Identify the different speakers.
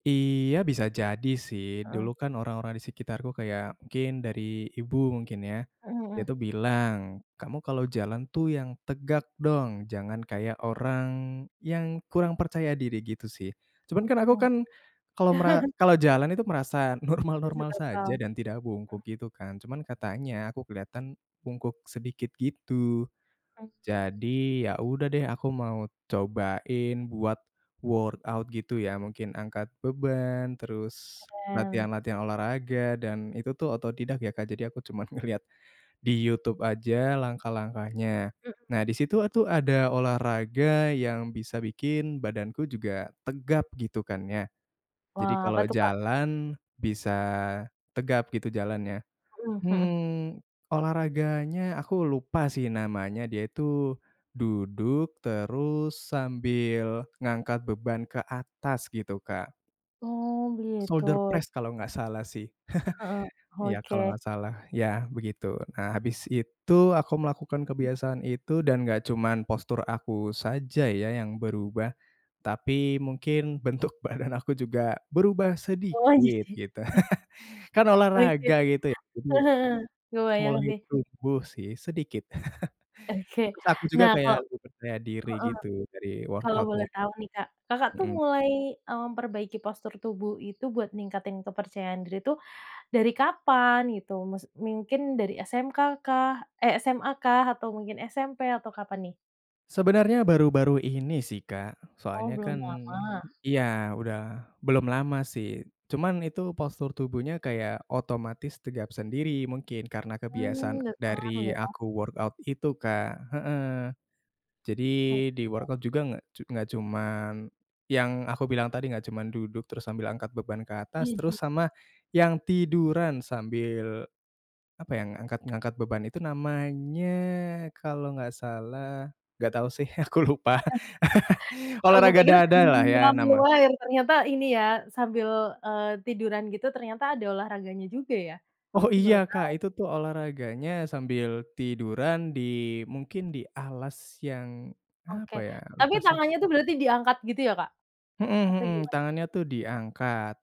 Speaker 1: Iya bisa jadi sih, dulu
Speaker 2: Mhm.
Speaker 1: kan orang-orang di sekitarku kayak mungkin dari ibu mungkin ya,
Speaker 2: Mhm
Speaker 1: dia
Speaker 2: mhm.
Speaker 1: itu bilang, "Kamu kalau jalan tuh yang tegak dong, jangan kayak orang yang kurang percaya diri," gitu sih. Cuman kan aku
Speaker 2: Mhm.
Speaker 1: kan kalau mera kalau jalan itu merasa normal-normal
Speaker 2: [unintelligible]
Speaker 1: saja dan
Speaker 2: Mhm.
Speaker 1: tidak bungkuk gitu kan, cuman katanya aku keliatan bungkuk sedikit gitu. Jadi ya udah deh, aku mau cobain buat workout gitu ya mungkin angkat beban terus
Speaker 2: Keren.
Speaker 1: latihan-latihan olahraga dan itu tuh autodidak ya, Kak. Jadi aku cuman ngelihat di YouTube aja langkah-langkahnya,
Speaker 2: Mhm.
Speaker 1: nah di situ atuh ada olahraga yang bisa bikin badanku juga tegap gitu kan ya, jadi
Speaker 2: Wah apa
Speaker 1: kalo
Speaker 2: tuh, Kak?
Speaker 1: jalan bisa tegap gitu jalannya.
Speaker 2: Mhm mhm.
Speaker 1: Hmm, olahraganya aku lupa sih namanya, dia itu duduk terus sambil ngangkat beban ke atas gitu, Kak
Speaker 2: Oh gitu.
Speaker 1: shoulder press kalo gak salah sih,
Speaker 2: Heeh,
Speaker 1: iya kalo
Speaker 2: oke.
Speaker 1: nggak salah, yah begitu. Nah habis itu aku melakukan kebiasaan itu dan nggak cuman postur aku saja ya yang berubah, tapi mungkin bentuk badan aku juga berubah
Speaker 2: Oh,
Speaker 1: sedikit,
Speaker 2: jadi
Speaker 1: gitu. Kan
Speaker 2: Oke, eee,
Speaker 1: olahraga gitu ya, jadi ya
Speaker 2: heeh, kebayang
Speaker 1: mulai
Speaker 2: sih.
Speaker 1: tumbuh sih sedikit,
Speaker 2: Oke.
Speaker 1: terus aku juga
Speaker 2: Nah
Speaker 1: kayak
Speaker 2: kalau
Speaker 1: lebih percaya diri
Speaker 2: heeh,
Speaker 1: gitu dari
Speaker 2: kalau boleh
Speaker 1: workout-nya.
Speaker 2: tahu nih, Kak. Kakak tuh
Speaker 1: Mhm.
Speaker 2: mulai, eee, memperbaiki postur tubuh itu buat ningkatin kepercayaan diri tuh dari kapan gitu? Maksud mungkin dari SMK kah, eh, SMA kah atau mungkin SMP atau kapan nih?
Speaker 1: Sebenarnya baru-baru ini sih, Kak.
Speaker 2: Oh,
Speaker 1: Soalnya
Speaker 2: belum
Speaker 1: kan,
Speaker 2: lama.
Speaker 1: ya udah belum lama sih cuman itu postur tubuhnya kaya otomatis tegap sendiri mungkin karena kebiasaan
Speaker 2: Hmm, berpengaruh
Speaker 1: dari
Speaker 2: ya.
Speaker 1: aku workout itu Kak. Heeh, jadi
Speaker 2: Oh
Speaker 1: di
Speaker 2: iya.
Speaker 1: workout juga nggak cu nggak cuman yang aku bilang tadi nggak cuman duduk terus sambil angkat beban ke atas terus
Speaker 2: Mhm.
Speaker 1: sama yang tiduran sambil apa, yang angkat ngangkat beban itu namanya kalau nggak salah nggak tau sih aku lupa,
Speaker 2: Nah fiktif, aku
Speaker 1: olahraga
Speaker 2: pikir sambil
Speaker 1: dada lah
Speaker 2: menyelam
Speaker 1: ya nama
Speaker 2: minum air ternyata ini ya sambil, eee, tiduran gitu ternyata ada olahraganya juga ya,
Speaker 1: Oh
Speaker 2: aku
Speaker 1: iya
Speaker 2: baru
Speaker 1: Kak,
Speaker 2: tau.
Speaker 1: itu tuh olahraganya sambil tiduran di mungkin di alas yang,
Speaker 2: Oke.
Speaker 1: apa ya,
Speaker 2: tapi
Speaker 1: lupa sih.
Speaker 2: tangannya itu berarti diangkat gitu ya Kak,
Speaker 1: Mhm
Speaker 2: atau
Speaker 1: mhm,
Speaker 2: gimana?
Speaker 1: tangannya tuh diangkat.